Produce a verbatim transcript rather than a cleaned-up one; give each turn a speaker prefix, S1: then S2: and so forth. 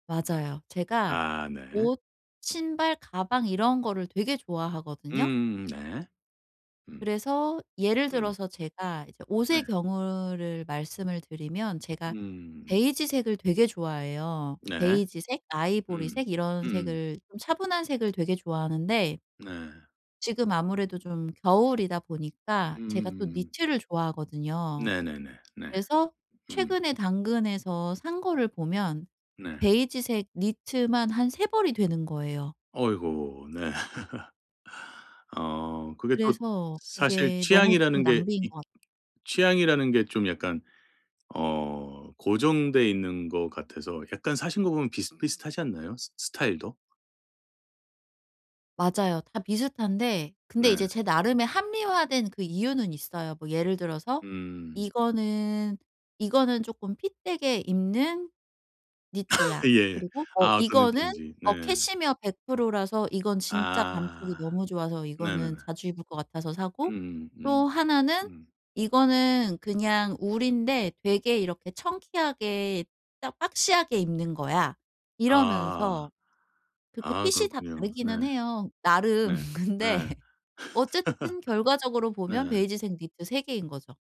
S1: 맞아요. 제가
S2: 아. 네.
S1: 옷, 신발, 가방 이런 거를 되게 좋아하거든요.
S2: 음음음 네. 음.
S1: 그래서 예를
S2: 음.
S1: 들어서 제가 이제
S2: 네.
S1: 옷의 경우를 말씀을 드리면 제가
S2: 음.
S1: 베이지색을 되게 좋아해요.
S2: 네.
S1: 베이지색,
S2: 음.
S1: 아이보리색 이런
S2: 음.
S1: 색을 좀 차분한 색을 되게 좋아하는데
S2: 네.
S1: 지금 아무래도 좀 겨울이다 보니까 제가 또
S2: 음.
S1: 니트를 좋아하거든요.
S2: 네네네. 네.
S1: 그래서
S2: 음.
S1: 최근에 당근에서 산 거를 보면
S2: 네.
S1: 베이지색 니트만 한 세 벌이 되는 거예요.
S2: 어이고. 네. 어 그게 또
S1: 그래서
S2: 사실
S1: 이게 너무 좀
S2: 취향이라는 게
S1: 낭비인
S2: 있
S1: 것 같
S2: 취향이라는 게 좀 약간 어 고정돼 있는 것 같아서 약간 사신 거 보면 비슷비슷하지 않나요? 스 스타일도?
S1: 맞아요. 다 비슷한데 근데
S2: 네.
S1: 이제 제 나름의 합리화된 그 이유는 있어요. 뭐 예를 들어서
S2: 음.
S1: '이거는, 이거는 쪼끔 핏 되게 입는 니트야.'
S2: 예.
S1: 그리고 어
S2: 아 어떤
S1: 이거는
S2: 느낌인지 네.
S1: 어 캐시미어 백 프로 라서 이건 진짜 감촉이
S2: 아.
S1: 너무 좋아서
S2: 네네네.
S1: 이거는 자주 입을 것 같아서 사고
S2: 음음 음.
S1: 또 하나는
S2: 음.
S1: 이거는 그냥 울인데 '되게 이렇게 청키하게 딱 박시하게 입는 거야.'
S2: 아.
S1: 이러면서 그렇게
S2: 아
S1: 핏이 다
S2: 그렇군요. 네.
S1: 다르기는 해요 나름.
S2: 네.
S1: 근데
S2: 네.
S1: 어쨌든 결과적으로 보면
S2: 네.
S1: 베이지색 니트 세 개인 거죠.